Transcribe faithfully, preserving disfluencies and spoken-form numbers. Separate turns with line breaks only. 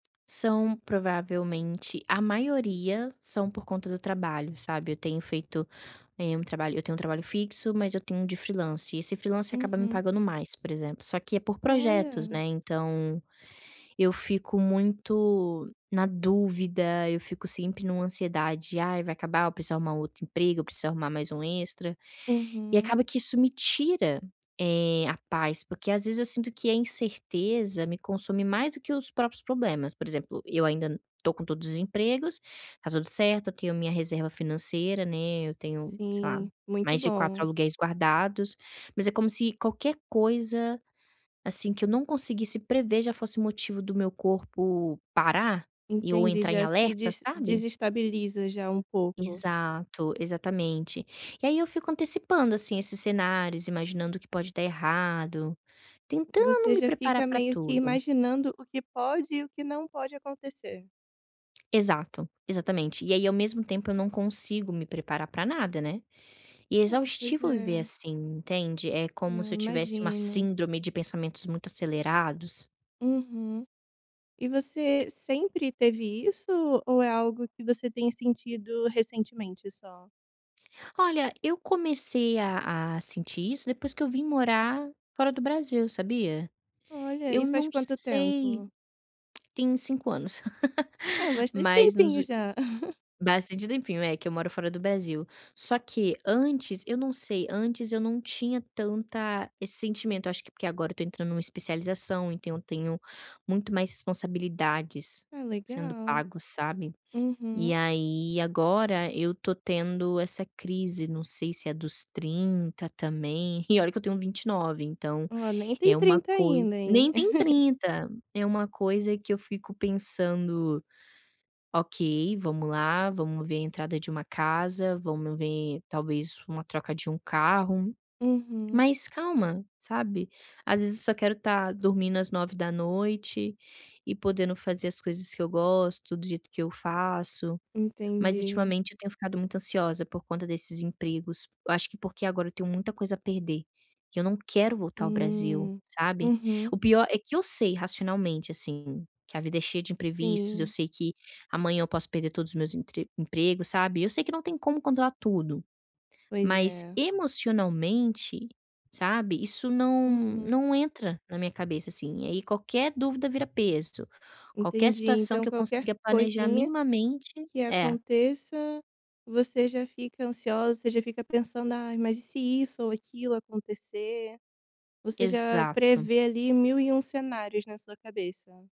São provavelmente a maioria são por conta do trabalho, sabe, eu tenho feito, eh, um trabalho eu tenho um trabalho fixo, mas eu tenho um de freelancer e esse freelancer acaba me
Uhum.
pagando mais, por exemplo, só que é por projetos,
Olha.
né, então, eu fico muito na dúvida, eu fico sempre em uma ansiedade: "Ai, vai acabar, eu preciso arrumar um outro emprego, eu preciso arrumar mais um extra", e
Uhum.
acaba que isso me tira, eh, a paz porque, às vezes, eu sinto que a incerteza me consome mais do que os próprios problemas. Por exemplo, eu ainda estou com todos os empregos, está tudo certo, eu tenho minha reserva financeira, né, eu tenho sei lá,
Sim, muito
mais de quatro
bom.
aluguéis guardados, mas é como se qualquer coisa, assim, que eu não conseguisse prever já fosse motivo do meu corpo parar e eu
Entendi,
entrar em
já se
alerta,
dese
sabe.
desestabiliza já um pouco.
Exato, exatamente. E aí eu fico antecipando, assim, esses cenários imaginando o que pode dar errado, tentando
Você
me
já
preparar
fica
para
meio que
tudo.
imaginando o que pode e o que não pode acontecer.
Exato, exatamente. E aí ao mesmo tempo eu não consigo me preparar para nada, né. E é
Hum. Pois
exaustivo viver,
é.
assim, entende, é como
Não,
se eu tivesse uma
imagino.
síndrome de pensamentos muito acelerados.
Uhum. E você sempre teve isso ou é algo que você tem sentido recentemente só?
Olha eu comecei a a sentir isso depois que eu vim morar fora do Brasil, sabia.
Olha,
Eu
e faz
não
quanto
sei
tempo?
tem cinco anos,
Ah, bastante
mas nos
tempinho
ult
já.
bastante tempinho, é, que eu moro fora do Brasil. Só que antes eu não sei, antes eu não tinha tanta esse sentimento acho que porque agora eu estou entrando em uma especialização então eu tenho muito mais responsabilidades
Ah,
sendo
legal.
pago, sabe. E
Uhum.
aí agora eu estou tendo essa crise, não sei se é dos trinta também e olha que eu tenho vinte e nove, então
Olha, nem tem
é uma
trinta
coisa
ainda, hein.
nem tem trinta, é uma coisa que eu fico pensando: "Ok, vamos lá, vamos ver a entrada de uma casa, vamos ver talvez uma troca de um carro",
Uhum.
mas calma, sabe? Às vezes eu só quero estar dormindo às nove da noite e podendo fazer as coisas que eu gosto do jeito que eu faço, mas
Entendi.
ultimamente eu tenho ficado muito ansiosa por conta desses empregos, eu acho que porque agora eu tenho muita coisa a perder, que eu não quero voltar ao Brasil,
Hum.
sabe.
Uhum.
O pior é que eu sei racionalmente, assim, que a vida é cheia de imprevistos, eu
Sim.
sei que amanhã eu posso perder todos os meus emp emprego, sabe, eu sei que não tem como controlar tudo,
Pois
mas
é.
emocionalmente, sabe, isso não
Uhum.
não entra na minha cabeça, assim, aí qualquer dúvida vira peso, qualquer
Entendi,
situação
então
que eu
qualquer
consiga planejar
coisinha
minimamente
que
é.
aconteça você já fica ansiosa, você já fica pensando: "Ai, mas e se isso ou aquilo acontecer?" Você já
Exato.
prevê ali mil e um cenários na sua cabeça.